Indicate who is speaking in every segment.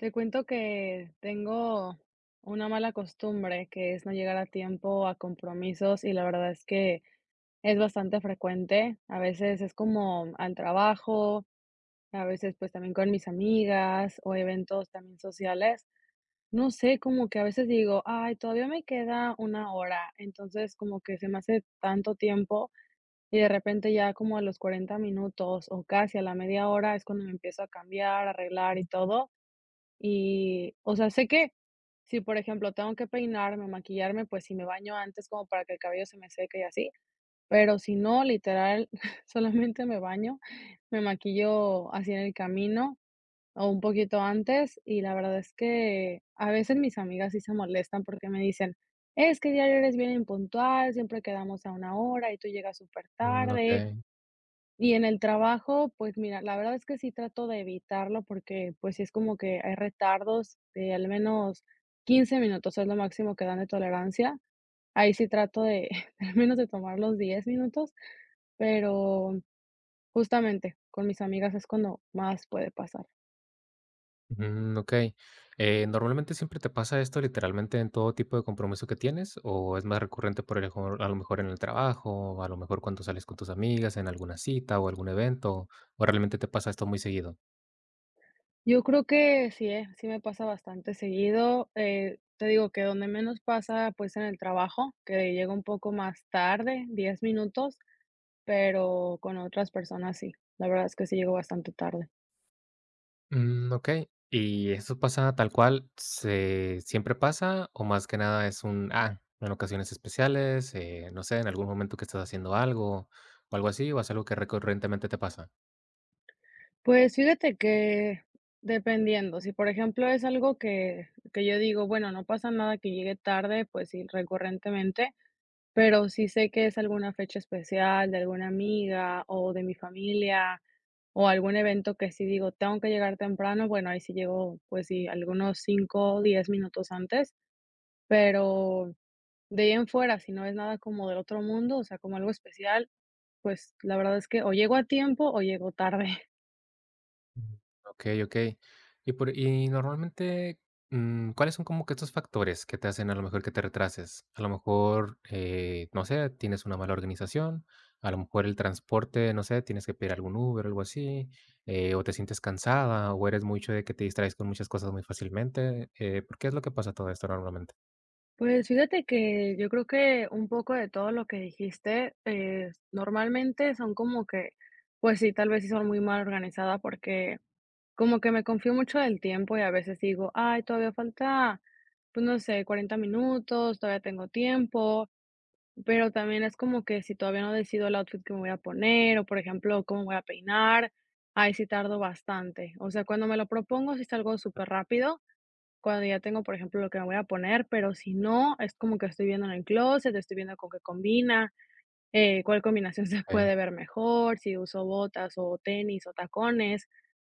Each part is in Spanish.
Speaker 1: Te cuento que tengo una mala costumbre, que es no llegar a tiempo a compromisos, y la verdad es que es bastante frecuente. A veces es como al trabajo, a veces, pues también con mis amigas o eventos también sociales. No sé cómo que a veces digo: "Ay, todavía me queda una hora". Entonces como que se me hace tanto tiempo y de repente ya como a los 40 minutos o casi a la media hora es cuando me empiezo a cambiar, a arreglar y todo. Y, o sea, sé que si, por ejemplo, tengo que peinarme o maquillarme. Pues sí, me baño antes como para que el cabello se me seque y así, pero si no, literal solamente me baño, me maquillo así en el camino o un poquito antes. Y la verdad es que a veces mis amigas sí se molestan porque me dicen: "Es que diario eres bien impuntual. Siempre quedamos a una hora y tú llegas
Speaker 2: Mm.
Speaker 1: supertarde".
Speaker 2: Okey.
Speaker 1: Y en el trabajo. Pues mira, la verdad es que sí trato de evitarlo, porque, pues, sí es como que hay retardos de al menos 15 minutos, es lo máximo que dan de tolerancia. Ahí sí trato de al menos de tomar los 10 minutos, pero justamente, con mis amigas es cuando más puede pasar.
Speaker 2: Mm, okey, eh, ¿normalmente siempre te pasa esto literalmente en todo tipo de compromiso que tienes o es más recurrente por el mejor a lo mejor en el trabajo, o a lo mejor cuando sales con tus amigas en alguna cita o algún evento, o realmente te pasa esto muy seguido?
Speaker 1: Yo creo que sí, ¿eh? Sí, me pasa bastante seguido, eh, te digo que donde menos pasa, pues es en el trabajo, que llego un poco más tarde, 10 minutos, pero con otras personas sí, la verdad es que sí llego bastante tarde.
Speaker 2: Mm, okey, ¿y eso pasa tal cual se siempre pasa o más que nada es un, ah, en ocasiones especiales, eh, no sé, en algún momento que estás haciendo algo o algo así o es algo que recurrentemente te pasa?
Speaker 1: Pues fíjate que dependiendo, si por ejemplo es algo que que yo digo, bueno, no pasa nada que llegue tarde, pues sí recurrentemente, pero si sé que es alguna fecha especial de alguna amiga o de mi familia o algún evento que sí digo, tengo que llegar temprano, bueno, ahí sí llego, pues sí, algunos 5 o 10 minutos antes, pero de ahí en fuera, si no es nada como del otro mundo, o sea, como algo especial, pues la verdad es que o llego a tiempo o llego tarde.
Speaker 2: Okey okey, y por y normalmente, mm, ¿cuáles son como que estos factores que te hacen a lo mejor que te retrases? A lo mejor, eh, no sé, tienes una mala organización, a lo mejor el transporte, no sé, tienes que pedir algún Uber o algo así, eh, o te sientes cansada o eres mucho de que te distraes con muchas cosas muy fácilmente, eh, ¿por qué es lo que pasa todo esto normalmente?
Speaker 1: Pues fíjate que yo creo que un poco de todo lo que dijiste, eh, normalmente son como que pues sí, tal vez sí son muy mal organizada, porque como que me confío mucho del tiempo y a veces digo: "Ay, todavía falta, pues no sé, 40 minutos, todavía tengo tiempo", pero también es como que si todavía no decido el outfit que me voy a poner o, por ejemplo, cómo voy a peinar, ahí sí tardo bastante, o sea, cuando me lo propongo, sí salgo superrápido, cuando ya tengo, por ejemplo, lo que me voy a poner, pero si no es como que estoy viendo en en clóset, estoy viendo con qué combina, eh, cuál combinación se
Speaker 2: Okey.
Speaker 1: puede ver mejor, si uso botas o tenis o tacones,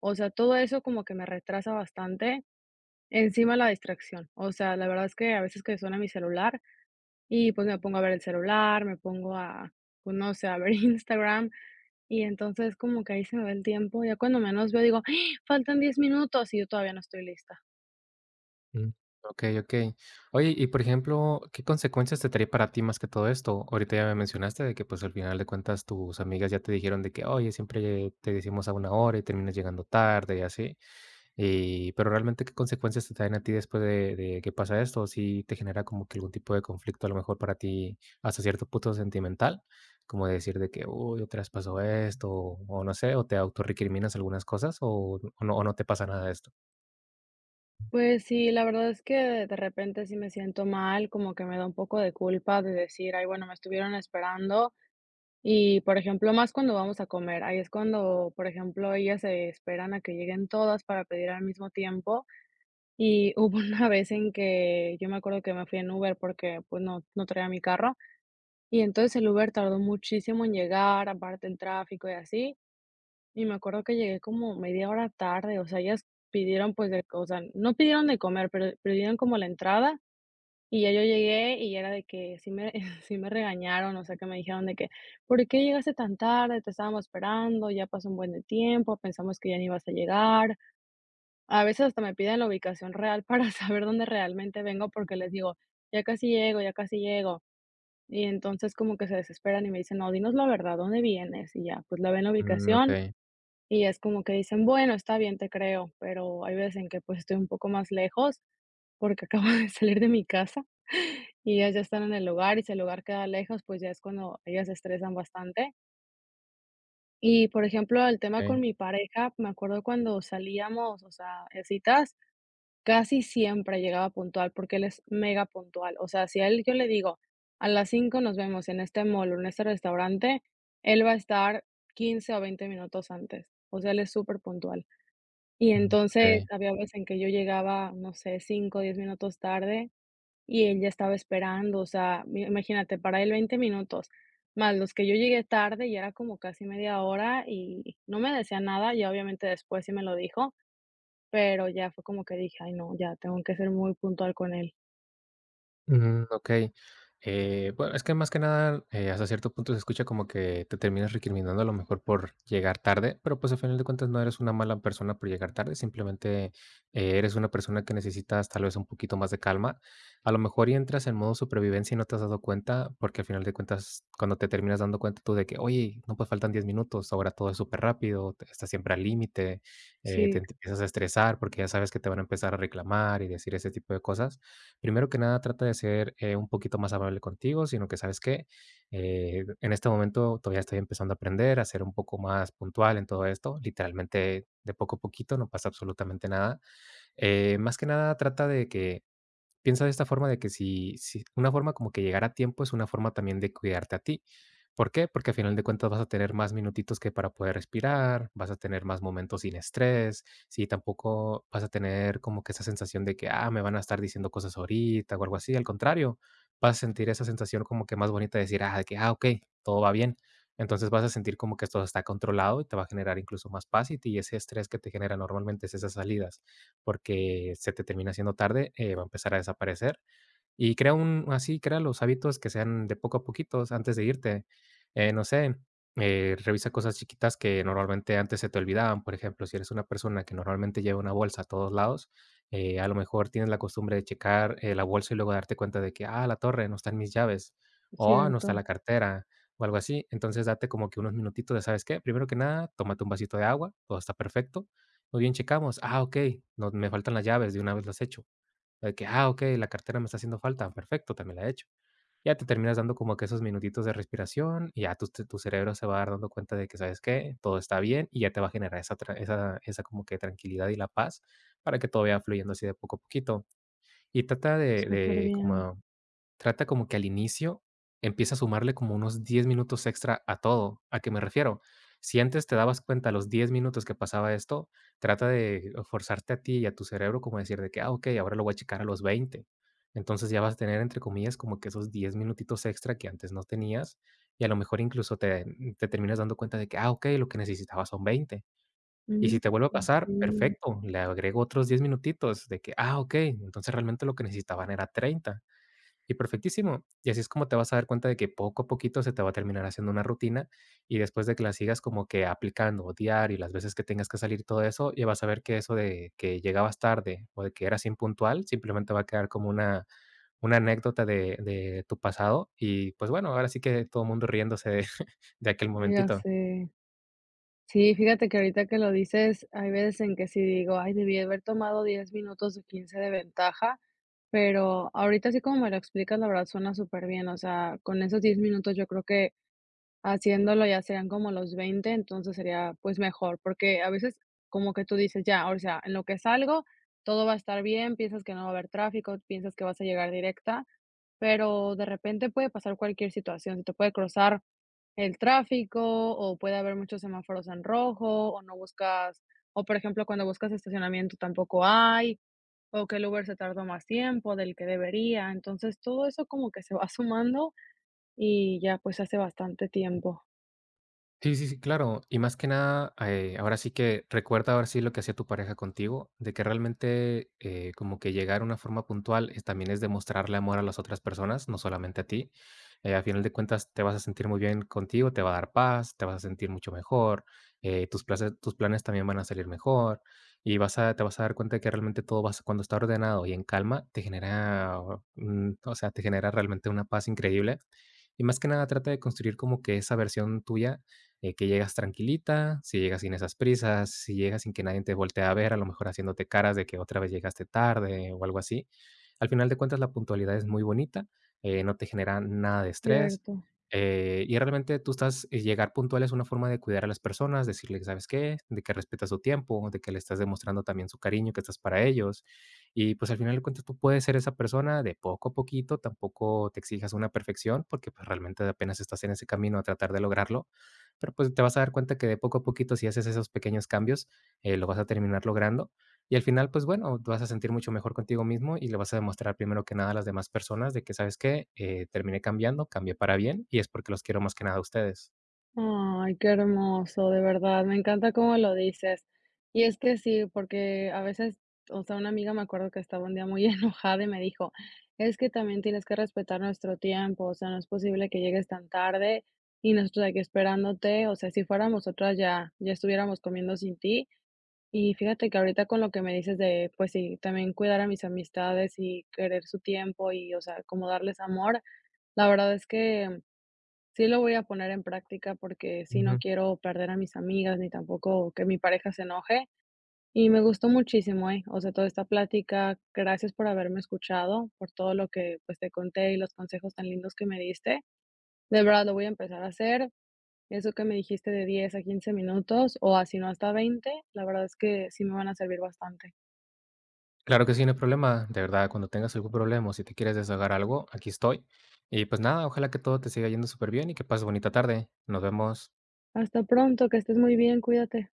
Speaker 1: o sea, todo eso como que me retrasa bastante, encima la distracción, o sea, la verdad es que a veces que suena mi celular, y pues me pongo a ver el celular, me pongo a, pues no sé, a ver Instagram y entonces como que ahí se me va el tiempo ya cuando menos veo, digo: "Faltan 10 minutos y yo todavía no estoy lista".
Speaker 2: Mm, okey, okey. Oye, y por ejemplo, ¿qué consecuencias te trae para ti más que todo esto? Ahorita ya me mencionaste que, pues, al final de cuentas tus amigas ya te dijeron de que ''Oye, siempre te decimos a una hora y terminas llegando tarde'', y así, y pero realmente, ¿qué consecuencias te traen a ti después de de que pasa esto? Si te genera como que algún tipo de conflicto, a lo mejor para ti hasta cierto punto sentimental, como decir de que: ''¡Uy! Otra vez pasó esto'', o no sé, o ¿te auto recriminas algunas cosas? o o ¿no o no te pasa nada de esto?
Speaker 1: Pues sí, la verdad es que de repente sí me siento mal, como que me da un poco de culpa de decir: ''Ay, bueno, me estuvieron esperando''. Y, por ejemplo, más cuando vamos a comer. Ahí es cuando, por ejemplo, ellas se esperan a que lleguen todas para pedir al mismo tiempo. Y hubo una vez en que yo me acuerdo que me fui en Uber porque, pues, no, no traía mi carro y entonces el Uber tardó muchísimo en llegar, aparte el tráfico y así. Y me acuerdo que llegué como media hora tarde. O sea, ellas pidieron, pues, o sea, no pidieron de comer, pero pidieron como la entrada y ya yo llegué y era de que sí me sí me regañaron. O sea que me dijeron de que: ''¿Por qué llegaste tan tarde?, te estábamos esperando, ya pasó un buen de tiempo. Pensamos que ya no ibas a llegar''. A veces hasta me piden la ubicación real para saber dónde realmente vengo porque les digo ya casi llego, ya casi llego. Y entonces como que se desesperan y me dicen: ''No, dinos la verdad, ¿dónde vienes?'' y ya, pues lo ven en la
Speaker 2: Mm,
Speaker 1: ubicación.
Speaker 2: okey.
Speaker 1: Y es como que dicen: ''Bueno, está bien, te creo''. Pero hay veces en que, pues, estoy un poco más lejos porque acabo de salir de mi casa y ellas ya están en el lugar. Y si el lugar queda lejos, pues ya es cuando ellas se estresan bastante. Y, por ejemplo, el tema con
Speaker 2: Okey.
Speaker 1: mi pareja, me acuerdo cuando salíamos, o sea, en citas, casi siempre llegaba puntual, porque él es megapuntual. O sea, si a él yo le digo: "A las 5 nos vemos en este mall o en este restaurante", él va a estar 15 o 20 minutos antes. O sea, él es superpuntual. Y entonces,
Speaker 2: Okey.
Speaker 1: había veces en que yo llegaba, no sé, 5 10 minutos tarde, y él ya estaba esperando. O sea, mi imagínate, para él, 20 minutos, más los que yo llegué tarde, ya era como casi media hora y no me decía nada. Y ya, obviamente, después sí me lo dijo, pero ya fue como que dije: "Ay no, ya tengo que ser muy puntual con él".
Speaker 2: Mm, okey. Eh, bue es que, más que nada, eh, hasta cierto punto, se escucha como que te terminas recriminando a lo mejor por llegar tarde, pero, pues, al final de cuentas, no eres una mala persona por llegar tarde. Simplemente, eh, eres una persona que necesitas, tal vez, un poquito más de calma. A lo mejor, y entras en modo supervivencia y no te has dado cuenta, porque al final de cuentas, cuando te terminas dando cuenta tú de que oye, no, pues, faltan 10 minutos. Ahora todo es superrápido, o te estás siempre al límite. Eh,
Speaker 1: Sí.
Speaker 2: te te empiezas a estresar, porque ya sabes que te van a empezar a reclamar y decir ese tipo de cosas. Primero que nada, trata de ser, eh, un poquito más amable contigo, sino que, ¿sabes qué?, eh, en este momento todavía estoy empezando a aprender a ser un poco más puntual en todo esto. Literalmente, de poco a poquito no pasa absolutamente nada. Eh, más que nada, trata de que piensa de esta forma de que si si una forma como que llegar a tiempo es una forma también de cuidarte a ti, ¿por qué? Porque, al final de cuentas, vas a tener más minutitos que para poder respirar, vas a tener más momentos sin estrés. Sí, tampoco vas a tener como que esa sensación de que, ah, me van a estar diciendo cosas ahorita o algo así. Al contrario, vas a sentir esa sensación como que más bonita de decir: "Ah, de que, ah, okey, todo va bien". Entonces, vas a sentir como que esto se está controlado y te va a generar incluso más paz y te ese estrés que te genera normalmente, esas salidas, porque se te termina haciendo tarde, eh, va a empezar a desaparecer y crea un así, crea los hábitos que sean de poco a poquito. O sea, antes de irte, eh, no sé, eh, revisa cosas chiquitas que, normalmente antes se te olvidaban, por ejemplo, si eres una persona que normalmente lleva una bolsa a todos lados, eh, a lo mejor tienes la costumbre de checar, eh, la bolsa y luego darte cuenta de que, ah, la torre no está en mis llaves, o no está en
Speaker 1: Cierto.
Speaker 2: la cartera, o algo así. Entonces, date como que unos minutitos de, ¿sabes qué? Primero que nada, tómate un vasito de agua. Todo está perfecto. Muy bien, checamos: "Ah, okey. No me faltan las llaves de una vez las hecho". De que: "Ah, okey. La cartera me está haciendo falta, perfecto, también la hecho". Ya te terminas dando como que esos minutitos de respiración y ya tu te tu cerebro se va a dar dando cuenta de que, ¿sabes qué? Todo está bien y ya te va a generar esa tra esa esa como que tranquilidad y la paz para que todo vaya fluyendo así de poco a poquito. Y trata de de
Speaker 1: Superbién.
Speaker 2: como trata como que, al inicio, empieza a sumarle como unos 10 minutos extra a todo, ¿a que me refiero? Si antes te dabas cuenta a los 10 minutos que pasaba esto, trata de forzarte a ti y a tu cerebro como de decir de que: "Ah, okey. Ahora lo voy a checar a los 20". Entonces, ya vas a tener, entre comillas, como que esos 10 minutitos extra que antes no tenias. Y a lo mejor, incluso te, mm, te terminas dando cuenta de que: Ah, okey Lo que necesitaba son 20". Y
Speaker 1: Mm,
Speaker 2: si te vuelve a pasar,
Speaker 1: sí.
Speaker 2: perfecto, le agrego otros 10 minutitos, de que: "Ah, okey. Entonces, realmente, lo que necesitaban eran 30". Y perfectísimo, y así es como te vas a dar cuenta de que, poco a poquito, se te va a terminar haciendo una rutina y después de que la sigas como que aplicando o diario las veces que tengas que salir y todo eso, y vas a ver que eso de que llegabas tarde o de que eras impuntual, simplemente, va a quedar como una una anécdota de de tu pasado. Y, pues, bueno, ahora sí que todo mundo riéndose de de aquel
Speaker 1: Ya
Speaker 2: momentito.
Speaker 1: sé. Sí, fíjate que ahorita que lo dices, hay veces en que si digo: "Ay, debí haber tomado 10 minutos o 15 de ventaja. Pero ahorita así como me lo explicas, la verdad, suena superbién. O sea, con esos 10 minutos, yo creo que haciéndolo, ya serían como los 20. Entonces, sería, pues, mejor, porque a veces, como que tú dices: "Ya, o sea, en lo que salgo, todo va a estar bien". Piensas que no va a haber tráfico, piensas que vas a llegar directa, pero de repente puede pasar cualquier situación, te puede cruzar el tráfico o puede haber muchos semáforos en rojo, o no buscas o, por ejemplo, cuando buscas estacionamiento, tampoco hay, o que el Uber se tardó más tiempo del que debería. Entonces, todo eso como que se va sumando y ya, pues, se hace bastante tiempo.
Speaker 2: Sí, sí, sí, claro. Y más que nada, eh, ahora sí que recuerda ahora sí lo que hacía tu pareja contigo, de que realmente, eh, como que llegar a una forma puntual es también es demostrarle amor a las otras personas, no solamente a ti, eh. Al final de cuentas, te vas a sentir muy bien contigo, te va a dar paz, te vas a sentir mucho mejor, eh, tus places tus planes también van a salir mejor y vas a te vas a dar cuenta de que realmente todo vas cuando está ordenado y en calma te genera, mm, o sea, te genera realmente una paz increíble. Y más que nada trata de construir como que esa versión tuya, eh, que llegas tranquilita, si llegas sin esas prisas, si llegas sin que nadie te voltee a ver, a lo mejor haciéndote caras de que otra vez llegaste tarde o algo así. Al final de cuentas, la puntualidad es muy bonita, eh, no te genera nada de estrés,
Speaker 1: Cierto.
Speaker 2: eh, y realmente tú estás y llegar puntual es una forma de cuidar a las personas, decirles: "¿Sabes qué?". De que respetas su tiempo, de que le estás demostrando también su cariño, que estás para ellos. Y pues al final de cuentas tú puedes ser esa persona de poco a poquito, tampoco te exijas una perfección porque, pues, realmente apenas estás en ese camino a tratar de lograrlo, pero pues te vas a dar cuenta que de poco a poquito, si haces esos pequeños cambios, eh, lo vas a terminar logrando y al final, pues bueno, te vas a sentir mucho mejor contigo mismo y le vas a demostrar primero que nada a las demás personas de que: "¿Sabes qué?, eh terminé cambiando, cambié para bien y es porque los quiero más que nada a ustedes".
Speaker 1: Ay, qué hermoso, de verdad, me encanta como lo dices. Y es que sí, porque a veces, o sea, una amiga me acuerdo que estaba un día muy enojada, y me dijo: "Es que también tienes que respetar nuestro tiempo, o sea, no es posible que llegues tan tarde y nosotros aquí esperándote, o sea, si fuéramos nosotros ya, ya estuviéramos comiendo sin ti". Y fíjate que ahorita con lo que me dices de pues sí, también cuidar a mis amistades y querer su tiempo, y o sea, como darles amor, la verdad es que, sí lo voy a poner en práctica porque sí no
Speaker 2: Ujú.
Speaker 1: quiero perder a mis amigas, ni tampoco que mi pareja se enoje. Y me gustó muchísimo, ¿eh? O sea, toda esta plática, gracias por haberme escuchado, por todo lo que, pues, te conté, y los consejos tan lindos que me diste, de verdad, lo voy a empezar a hacer. Eso que me dijiste de 10 a 15 minutos, o a sino hasta 20, la verdad es que sí me van a servir bastante.
Speaker 2: Claro que sí, no hay problema, de verdad, cuando tengas algún problema, o si te quieres desahogar algo, aquí estoy. Y pues nada, ojalá que todo te siga yendo superbién y que pases bonita tarde, nos vemos.
Speaker 1: Hasta pronto, que estés muy bien, cuídate.